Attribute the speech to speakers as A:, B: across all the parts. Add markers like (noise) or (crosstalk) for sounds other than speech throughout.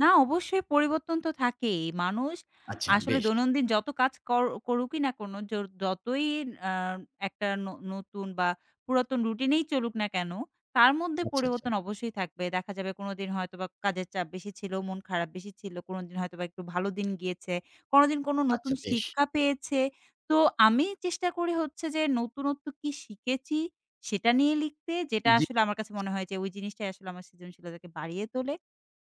A: না, অবশ্যই পরিবর্তন তো থাকেই। মানুষ
B: আচ্ছা,
A: আসলে
B: বেশ।
A: দৈনন্দিন যত কাজ কর করুকই না কেনো, জোর যতই আ একটা ন নতুন বা পুরাতন রুটিনেই চলুক না কেন, তার মধ্যে
B: আচ্ছা, আচ্ছা।
A: পরিবর্তন অবশ্যই থাকবে। দেখা যাবে, কোনোদিন হয়তো বা কাজের চাপ বেশি ছিল, মন খারাপ বেশি ছিল, কোনোদিন হয়তোবা একটু ভালো দিন গিয়েছে, কোনোদিন কোনো নতুন
B: আচ্ছা, বেশ।
A: শিক্ষা পেয়েছে। তো, আমি চেষ্টা করি হচ্ছে যে, নতুনত্ব কী শিখেছি? সেটা নিয়ে লিখতে, যেটা
B: জি।
A: আসলে আমার কাছে মনে হয় যে, ওই জিনিসটাই আসলে আমার সৃজনশীলতাকে বাড়িয়ে তোলে,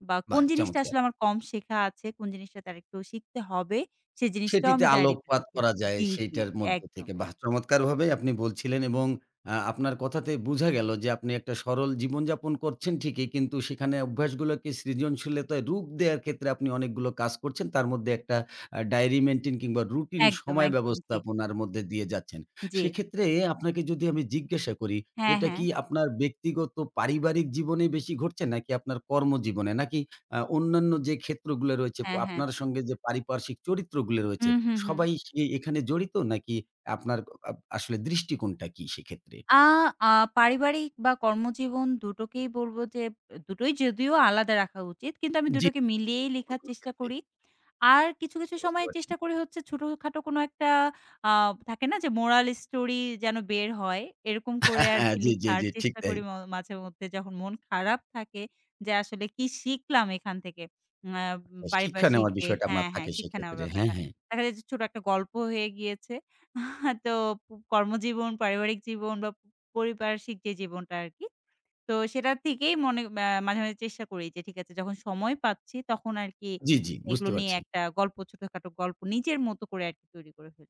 A: বা কোন
B: বাহ!
A: জিনিসটা
B: চমৎকার!
A: আসলে আমার কম শেখা আছে? কোন জিনিসটা তার একটু শিখতে হবে? সে জিনিসটাও
B: সেটিতে
A: আমি ডায়রিতে
B: আলোকপাত
A: লিখি
B: করা যায়,
A: জি, জি।
B: সেটার মধ্য
A: একদম,
B: থেকে।
A: এক
B: বাহ্! চমৎকারভাবেই আপনি বলছিলেন, এবং আ আপনার কথাতে বুঝা গেল যে, আপনি একটা সরল জীবনযাপন করছেন ঠিকই, কিন্তু সেখানে অভ্যাস গুলোকে সৃজনশীলতায় রূপ দেওয়ার ক্ষেত্রে আপনি অনেকগুলো কাজ করছেন। তার মধ্যে একটা, আ ডেইরি মেইনটেইন কিংবা রুটিন
A: একদম,
B: সময়
A: একদম। জি।
B: ব্যবস্থাপনার মধ্যে দিয়ে যাচ্ছেন।
A: জি।
B: সেক্ষেত্রে, আপনাকে যদি আমি জিজ্ঞাসা করি,
A: হ্যাঁ,
B: এটা
A: হ্যাঁ।
B: কি আপনার ব্যক্তিগত পারিবারিক জীবনে বেশি ঘটছে? নাকি আপনার কর্মজীবনে? নাকি আ অন্যান্য যে ক্ষেত্রগুলা রয়েছে,
A: হ্যাঁ, হ্যাঁ।
B: আপনার সঙ্গে যে পারিপার্শ্বিক চরিত্রগুলো রয়েছে,
A: হুম, হুম, হুম।
B: সবাই সেই এখানে জড়িত নাকি? আপনার আ আপ আসলে দৃষ্টিকোণটা কি, সেক্ষেত্রে?
A: আ আ পারিবারিক বা কর্মজীবন ২ টোকেই বলব যে, ২ টোই যদিও আলাদা রাখা উচিত। কিন্তু আমি ২
B: জি।
A: টোকে মিলিয়েই লিখার চেষ্টা
B: কর্মক্ষেত্রে।
A: করি। আর কিছু, কিছু
B: বুঝতে
A: সময়
B: পারছি।
A: চেষ্টা করি হচ্ছে, ছোটোখাটো কোনো একটা আ থাকে না যে, মোরাল স্টোরি, যেন বের হয়। এরকম করে
B: হ্যাঁ,
A: আর
B: হ্যাঁ।
A: কি
B: জি, জি,
A: লিখার
B: জি। ঠিক
A: চেষ্টা
B: তাই।
A: করি ম মাঝে মধ্যে, যখন মন খারাপ থাকে, যে আসলে কি শিখলাম এখান থেকে? উম আ
B: শিক্ষা
A: পারিপার্শিক
B: নেওয়ার
A: যে
B: বিষয়টা মা
A: হ্যাঁ, হ্যাঁ,
B: থাকে
A: শিক্ষা নেওয়ার
B: সেক্ষেত্রে। হ্যাঁ,
A: ব্যাপারটা।
B: হ্যাঁ।
A: দেখা যায় যে, ছোট একটা গল্প হয়ে গিয়েছে। (chuckles) তো প কর্মজীবন, পারিবারিক জীবন বা পরিপার্শিক যে জীবনটা আরকি। তো, সেটা থেকেই মনে আ মাঝে, মাঝে চেষ্টা করি যে, ঠিক আছে যখন সময় পাচ্ছি, তখন আরকি,
B: জি, জি। বুঝতে
A: এগুলো নিয়ে
B: পারছি।
A: একটা গল্প ছোটখাটো গল্প নিজের মত করে, আরকি তৈরি করে ফেলি।